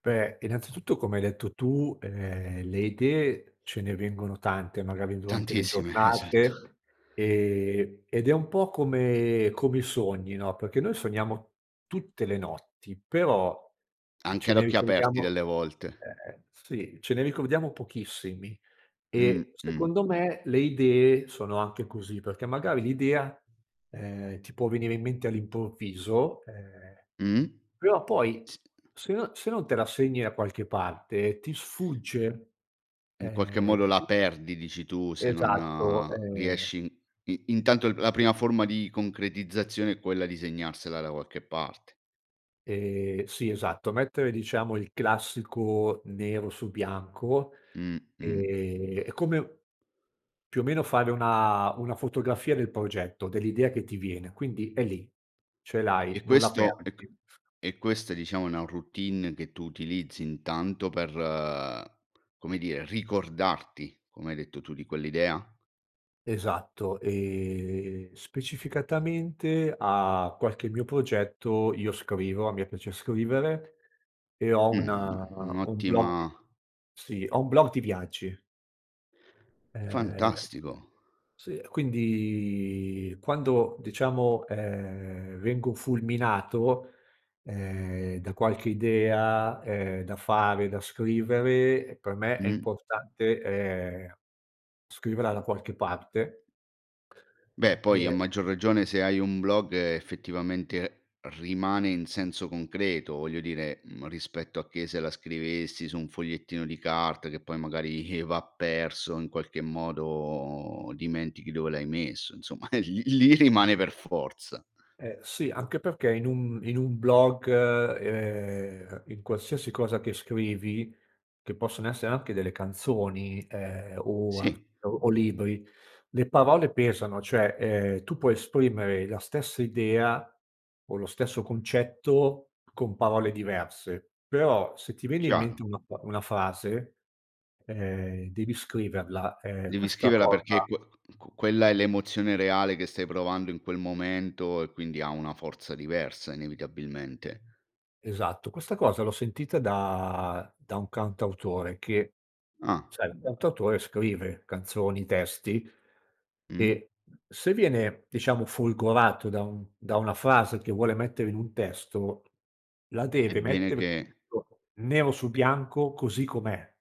Beh, innanzitutto come hai detto tu, ehm, le idee ce ne vengono tante magari durante le Tantissime, esatto. giornate, ehm, ed è un po' come come i sogni, no, perché noi sogniamo tutte le notti, però Anche ce ad ne occhi aperti ricordiamo delle volte. ehm, sì, ce ne ricordiamo pochissimi. Mh, E, mh. secondo me, le idee sono anche così, perché magari l'idea, ehm, ti può venire in mente all'improvviso, ehm, Mh. però poi S se no se non te la segni da qualche parte ti sfugge. In qualche Ehm, modo e la qui perdi dici tu se Esatto, non ehm riesci i intanto la prima forma di concretizzazione è quella di segnarsela da qualche parte. Ehm, sì esatto, mettere diciamo il classico nero su bianco, Mh, mh. ehm, è come u più o meno fare una una fotografia del progetto, dell'idea che ti viene. Quindi è lì, ce l'hai, E non la questo e ch perdi. e questa diciamo è una routine che tu utilizzi intanto per, come dire, ricordarti, come hai detto tu, di quell'idea? Esatto, ehm, specificatamente a qualche mio progetto io scrivo, a me piace scrivere, e ho un Mh, un blog. un'ottima Sì, ho un blog di viaggi. Ehm, Fantastico. sì, e quindi quando, diciamo, ehm, vengo fulminato, ehm, da qualche idea, ehm, da fare, da scrivere, per me è Mh. importante, ehm, scriverla da qualche parte. Beh poi a E maggior ragione se hai un blog effettivamente rimane in senso concreto, voglio dire, uhm, rispetto a che se la scrivessi su un fogliettino di carta che poi magari va perso, in qualche modo dimentichi dove l'hai messo, insomma lì lì rimane per forza. Eh, sì, anche perché in un in un blog, ehm, in qualsiasi cosa che scrivi, che possono essere anche delle canzoni, ehm, o al Sì. o o libri, le parole pesano, cioè, ehm, tu puoi esprimere la stessa idea, o lo stesso concetto, con parole diverse. Però, se ti viene in Chiaro. mente una pa una frase, ehm, devi scriverla. Ehm, Devi questa scriverla perché cosa que ch q quella è l'emozione reale che stai provando in quel momento e quindi ha una forza diversa, inevitabilmente. Esatto, questa cosa l'ho sentita da da un cantautore che Ah. sai, il cantautore scrive canzoni, testi, Mh. e se viene diciamo folgorato da un da una frase che vuole mettere in un testo la È deve bene mettere che [unintelligible] nero su E bianco così com'è.